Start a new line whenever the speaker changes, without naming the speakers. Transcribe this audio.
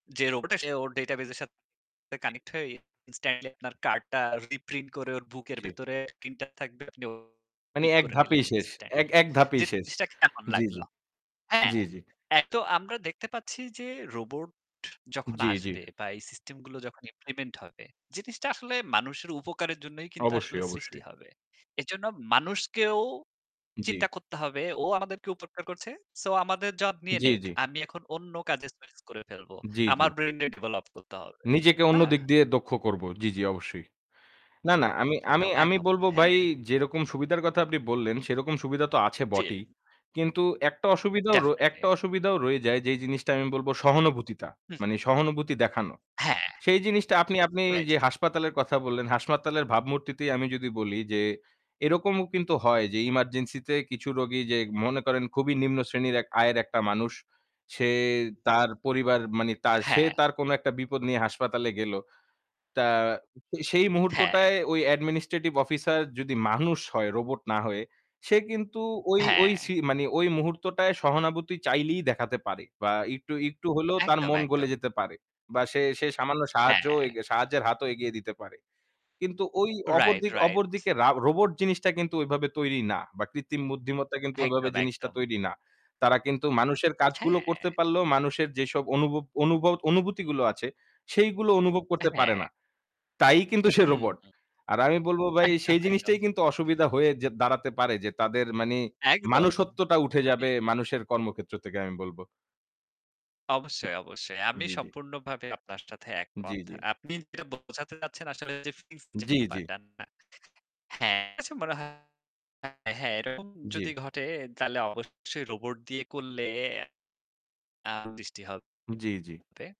যে রোবট টা সে ওর ডেটাবেস এর সাথে
জি।
কানেক্ট হয়ে ইনস্ট্যান্টলি আপনার কার্ডটা রিপ্রিন্ট করে ওর বুকের
জি।
ভেতরে প্রিন্টার থাকবে, আপনি ও [unintelligible]
মানে
পিক
এক
করে নিলেন
ধাপেই শেষ। এক
ইনস্ট্যান্টলি।
এক ধাপেই শেষ।
জিনিসটা কেমন
জি, জি।
লাগলো? হ্যাঁ?
জি, জি।
তাই তো আমরা দেখতে পাচ্ছি যে রোবট যখন
জি, জি।
আসবে বা এই সিস্টেমগুলো যখন ইমপ্লিমেন্ট হবে, জিনিসটা আসলে মানুষের উপকারের জন্যই কিন্তু আসলে
অবশ্যই,
সৃষ্টি
অবশ্যই।
হবে। এজন্য মানুষকেও
জি।
চিন্তা করতে হবে ও আমাদেরকে উপকার করছে, সো আমাদের জব নিয়ে
জি,
নেক।
জি।
আমি এখন অন্য কাজে সুইচ করে ফেলবো।
জি,
আমার
জি।
ব্রেইন [unintelligible] ডেভেলপ করতে হবে।
নিজেকে
না?
অন্যদিক দিয়ে দক্ষ করব। জি, জি অবশ্যই। না, না আমি আমি
একদম,
আমি
একদম।
বলব
হ্যাঁ।
ভাই, যেরকম সুবিধার কথা আপনি বললেন সেরকম সুবিধা তো আছে
জ্বি।
বটেই। কিন্তু একটা অসুবিধাও র একটা
ডেফিনিটলি।
অসুবিধাও রয়ে যায় যেই জিনিসটা আমি বলব সহানুভূতিতা,
হু, হু।
মানে সহানুভূতি দেখানো।
হ্যাঁ।
সেই জিনিসটা আপনি আপনি
রাইট।
যে হাসপাতালের কথা বললেন, হাসপাতালের ভাবমূর্তিতেই আমি যদি বলি যে এরকমও কিন্তু হয় যে ইমার্জেন্সিতে কিছু রোগী যে মনে করেন খুবই নিম্ন শ্রেণীর এক আয়ের একটা মানুষ, সে তার পরিবার মানে তার, সে
হ্যাঁ।
তার কোন একটা বিপদ নিয়ে হাসপাতালে গেল। তা সেই
হ্যাঁ।
মুহূর্তটায় ওই administrative officer যদি মানুষ হয়, রোবট না হয়ে সে কিন্তু ওই ওই
হ্যাঁ।
সি মানে ওই মুহূর্তটায় সহানুভূতি চাইলেই দেখাতে পারে বা একটু একটু হলেও তার
একদম,
মন গলে
একদম।
যেতে পারে বা সে সে সামান্য সাহায্য
হ্যাঁ।
সাহায্যের হাতও এগিয়ে দিতে পারে। কিন্তু ওই
রাইট,
অপরদিক
রাইট।
অপরদিকে রা রোবট জিনিসটা কিন্তু ওইভাবে তৈরি না বা কৃত্রিম বুদ্ধিমত্তা কিন্তু ওইভাবে
একদম,
জিনিসটা
একদম।
তৈরি না। তারা কিন্তু মানুষের কাজগুলো
হ্যাঁ।
করতে পারলেও মানুষের যেসব অনুভব অনুভব অনুভূতিগুলো আছে সেইগুলো অনুভব
আ
করতে পারে
হ্যাঁ।
না। তাই কিন্তু সে
হু,
রোবট।
হু।
আর আমি বলব ভাই
একদম,
সেই
একদম।
জিনিসটাই কিন্তু অসুবিধা হয়ে যেয়ে দাঁড়াতে পারে যে তাদের মানে
একদম।
মনুষ্যত্ব উঠে
আমি
যাবে মানুষের কর্মক্ষেত্র থেকে আমি বলব।
অবশ্যই, অবশ্যই। আমি
জি, জি।
সম্পূর্ণভাবে আপনার সাথে
জি,
একমত।
জি।
আপনি যেটা বোঝাতে চাচ্ছেন আসলে যে ফ্রিজ যে
জি, জি।
ব্যাপারটা না হ্যাঁ, আচ্ছা মনে হয়, হ্যাঁ, এরকম যদি
জি।
ঘটে তাহলে অবশ্যই রোবট দিয়ে করলে আ [unintelligible] হবে।
জি, জি।